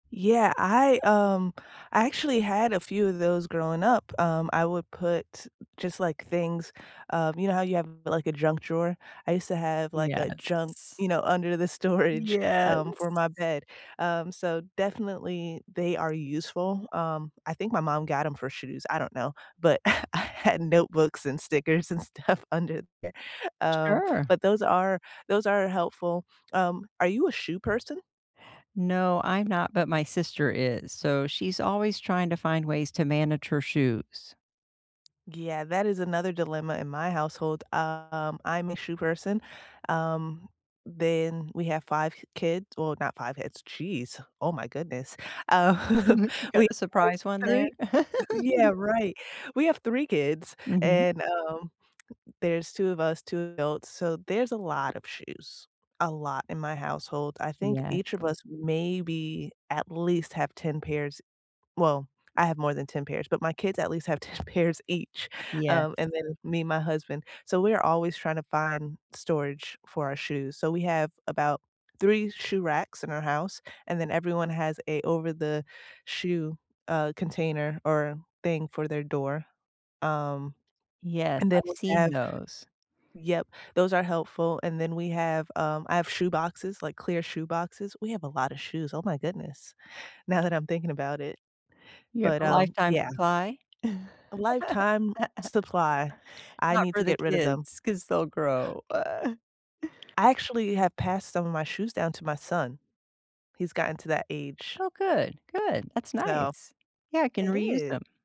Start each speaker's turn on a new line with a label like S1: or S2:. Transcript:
S1: Yeah, I, um, I actually had a few of those growing up. Um, I would put just, like, things, um, you know, how you have, like, a junk drawer. I used to have, like, a junk,
S2: Yes.
S1: you know, under the storage,
S2: Yes.
S1: um, for my bed. Um, so definitely, they are useful. Um, I think my mom got them for shoes, I don't know, but, I had notebooks and stickers and stuff under there. Um,
S2: Sure.
S1: but those are those are helpful. Um, are you a shoe person?
S2: No, I'm not, but my sister is. So, she's always trying to find ways to manage her shoes.
S1: Yeah, that is another dilemma in my household. Um, I'm a shoe person. Um, then we have 5 kids, well, not 5 kids, jeez, oh, my goodness. Uh,
S2: You got
S1: we
S2: a
S1: have
S2: surprise one there.
S1: 3, yeah, right. We have 3 kids
S2: Mhm.
S1: and, um, there's two of us, 2 adults, so there's a lot of shoes, a lot in my household. I think
S2: Yes.
S1: each of us maybe. At least have 10 pairs well, I have more than 10 pairs, but my kids at least have 10 pairs each.
S2: Yes.
S1: Um, and then me and my husband. So we're always trying to find storage for our shoes. So we have about 3 shoe racks in our house, and then everyone has a over-the-shoe, uh, container or thing for their door. Um,
S2: Yes,
S1: And then
S2: I've
S1: we
S2: seen
S1: have,
S2: those.
S1: yup, those are helpful and then we have, um, I have shoe boxes, like, clear shoe boxes. We have a lotta shoes, oh, my goodness. Now that I'm thinking about it.
S2: You have
S1: But,
S2: a
S1: um,
S2: lifetime
S1: yeah.
S2: supply.
S1: A lifetime supply. I
S2: Not
S1: need
S2: for
S1: to
S2: the
S1: get rid of them.
S2: kids, 'cause they'll grow, uh.
S1: I actually have passed some of my shoes down to my son. He's gotten to that age.
S2: Oh, good good. That's
S1: So,
S2: nice. Yeah, I can
S1: It
S2: reuse
S1: is.
S2: them.